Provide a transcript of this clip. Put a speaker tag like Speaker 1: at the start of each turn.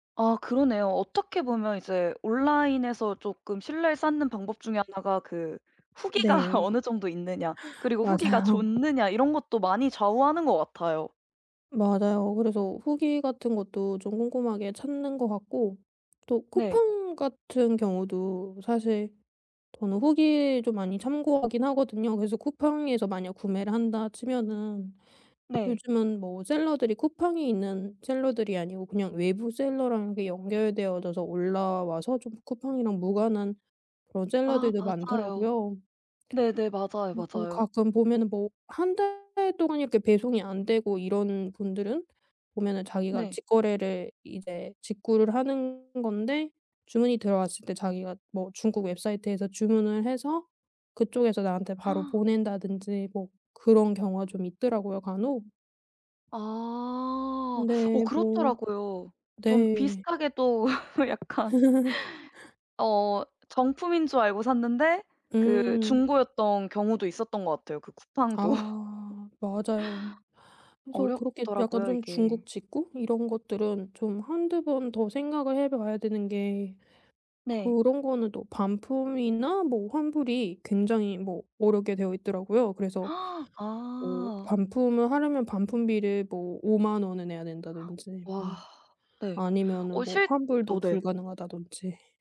Speaker 1: 아 그러네요. 어떻게 보면 이제 온라인에서 쪼끔 신뢰를 쌓는 방법 중에 하나가 그 후기가
Speaker 2: 네.
Speaker 1: 어느 정도 있느냐 그리고 후기가
Speaker 2: 맞아요.
Speaker 1: 좋느냐 이런 것도 많이 좌우하는 것 같아요.
Speaker 2: 맞아요. 그래서 후기 같은 것도 좀 꼼꼼하게 찾는 것 같고 또
Speaker 1: 네.
Speaker 2: 쿠팡 같은 경우도 사실 저는 후기 좀 많이 참고하긴 하거든요. 그래서 쿠팡에서 만약 구매를 한다 치면은
Speaker 1: 네.
Speaker 2: 요즘은 뭐 셀러들이 쿠팡에 있는 셀러들이 아니고 그냥 외부 셀러랑 그 연결되어져서 올라와서 좀 쿠팡이랑 무관한 그런
Speaker 1: 아
Speaker 2: 셀러들도
Speaker 1: 맞아요.
Speaker 2: 많더라고요.
Speaker 1: 네네 맞아요,
Speaker 2: 그래서
Speaker 1: 맞아요.
Speaker 2: 가끔 보면은 뭐 1 달 동안 이렇게 배송이 안되고 이러는 분들은 보면은 자기가
Speaker 1: 네.
Speaker 2: 직거래를 이제 직구를 하는 건데 주문이 들어왔을 때 자기가 뭐 중국 웹사이트에서 주문을 해서 그쪽에서 나한테 바로 보낸다든지 뭐 그런 경우가 좀 있더라고요 간혹.
Speaker 1: 아. 어
Speaker 2: 네 뭐.
Speaker 1: 그렇더라고요. 좀
Speaker 2: 네.
Speaker 1: 비슷하게 또 약간. 어 정품인 줄 알고 샀는데 그
Speaker 2: 음.
Speaker 1: 중고였던 경우도 있었던 것 같아요 그 쿠팡도.
Speaker 2: 아 맞아요. 그래서 그렇게 약간
Speaker 1: 어렵더라고요
Speaker 2: 좀
Speaker 1: 이게.
Speaker 2: 중국 직구 이런 것들은 좀 1-2 번 더 생각을 해 봐야 되는 게
Speaker 1: 네.
Speaker 2: 그런 거는 또 반품이나 뭐 환불이 굉장히 뭐 어렵게 되어있더라고요. 그래서 뭐
Speaker 1: 아.
Speaker 2: 반품을 하려면 반품비를 뭐 50,000 원에 내야 된다든지 뭐
Speaker 1: 와. 네. 어
Speaker 2: 아니면은 뭐
Speaker 1: 실
Speaker 2: 환불도
Speaker 1: 어 네.
Speaker 2: 불가능하다든지